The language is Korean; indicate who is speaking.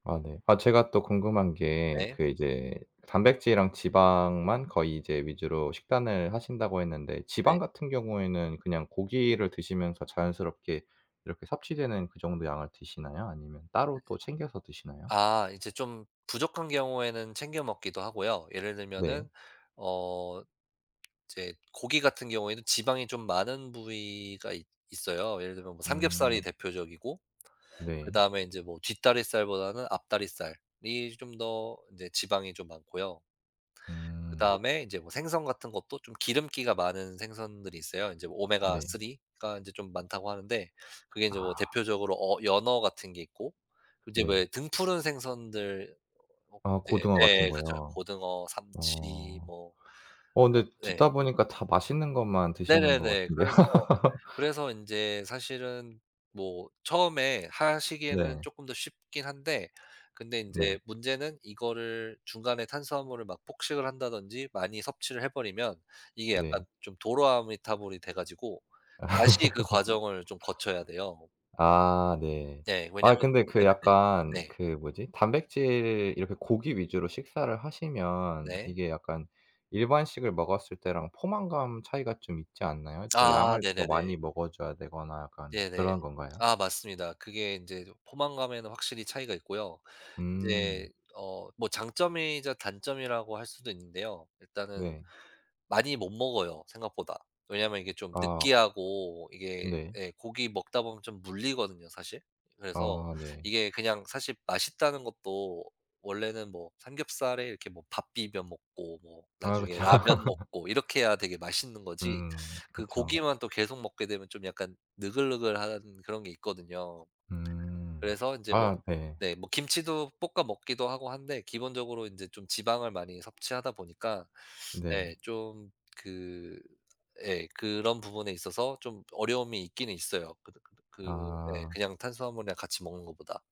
Speaker 1: 아 네. 아 제가 또 궁금한 게
Speaker 2: 네.
Speaker 1: 그 이제 단백질이랑 지방만 거의 이제 위주로 식단을 하신다고 했는데
Speaker 2: 네.
Speaker 1: 지방 같은 경우에는 그냥 고기를 드시면서 자연스럽게 이렇게 섭취되는 그 정도의 양을 드시나요? 아니면 따로 또 챙겨서 드시나요?
Speaker 2: 아 이제 좀 부족한 경우에는 챙겨 먹기도 하고요. 예를
Speaker 1: 네.
Speaker 2: 들면은 어 이제 고기 같은 경우에는 지방이 좀 많은 부위가 있 있어요. 예를 들면 뭐 삼겹살이
Speaker 1: 음.
Speaker 2: 대표적이고
Speaker 1: 네.
Speaker 2: 그다음에 이제 뭐 뒷다리살보다는 앞다리살이 좀 더 이제 지방이 좀 많고요.
Speaker 1: 음.
Speaker 2: 그다음에 이제 뭐 생선 같은 것도 좀 기름기가 많은 생선들이 있어요. 이제
Speaker 1: 네.
Speaker 2: 오메가3가 이제 좀 많다고 하는데 그게 이제 뭐
Speaker 1: 아.
Speaker 2: 대표적으로 어 연어 같은 게 있고 이제
Speaker 1: 네.
Speaker 2: 왜 등푸른 생선들 뭐
Speaker 1: 아
Speaker 2: 인제
Speaker 1: 고등어 같은
Speaker 2: 네 그쵸.
Speaker 1: 거요.
Speaker 2: 고등어, 삼치
Speaker 1: 어.
Speaker 2: 뭐
Speaker 1: 어 근데
Speaker 2: 네.
Speaker 1: 듣다 보니까 다 맛있는 것만 드시는 것
Speaker 2: 네네네.
Speaker 1: 같은데요.
Speaker 2: 그래서, 그래서 인제 사실은 뭐 처음에 하시기에는
Speaker 1: 네.
Speaker 2: 쪼끔 더 쉽긴 한데 근데
Speaker 1: 네.
Speaker 2: 인제 문제는 이거를 중간에 탄수화물을 막 폭식을 한다든지 많이 섭취를 해 버리면 이게
Speaker 1: 네.
Speaker 2: 약간 좀 도로아미타불이 돼 가지고 다시 그 과정을 좀 거쳐야 돼요.
Speaker 1: 아 네.
Speaker 2: 네.
Speaker 1: 아
Speaker 2: 왜냐면
Speaker 1: 근데 그
Speaker 2: 네네네.
Speaker 1: 약간
Speaker 2: 네.
Speaker 1: 그 뭐지 단백질 이렇게 고기 위주로 식사를 하시면
Speaker 2: 네.
Speaker 1: 이게 약간 일반식을 먹었을 때랑 포만감 차이가 좀 있지 않나요? 또
Speaker 2: 아
Speaker 1: 양을 더
Speaker 2: 네네네.
Speaker 1: 많이 먹어줘야 되거나 약간
Speaker 2: 네네.
Speaker 1: 그런 건가요?
Speaker 2: 아 맞습니다. 그게 인제 포만감에는 확실히 차이가 있고요. 인제
Speaker 1: 음.
Speaker 2: 어 뭐 장점이자 단점이라고 할 수도 있는데요. 일단은
Speaker 1: 네.
Speaker 2: 많이 못 먹어요 생각보다. 왜냐면 이게 좀
Speaker 1: 아.
Speaker 2: 느끼하고 이게
Speaker 1: 네.
Speaker 2: 예. 고기 먹다 보면 좀 물리거든요 사실. 그래서
Speaker 1: 아 네.
Speaker 2: 이게 그냥 사실 맛있다는 것도 원래는 뭐 삼겹살에 이렇게 뭐 밥 비벼 먹고 뭐
Speaker 1: 아
Speaker 2: 나중에
Speaker 1: 그쵸.
Speaker 2: 라면 먹고 이렇게 해야 되게 맛있는 거지
Speaker 1: 음
Speaker 2: 그
Speaker 1: 그쵸.
Speaker 2: 고기만 또 계속 먹게 되면 좀 약간 느글느글한 그런 게 있거든요.
Speaker 1: 음.
Speaker 2: 그래서 인제 뭐
Speaker 1: 아 네.
Speaker 2: 네 뭐 김치도 볶아 먹기도 하고 한데 기본적으로 이제 좀 지방을 많이 섭취하다 보니까
Speaker 1: 네.
Speaker 2: 네 좀 그 예. 그런 부분에 있어서 좀 어려움이 있기는 있어요. 그 그 예
Speaker 1: 아.
Speaker 2: 그냥 탄수화물이랑 같이 먹는 거보다.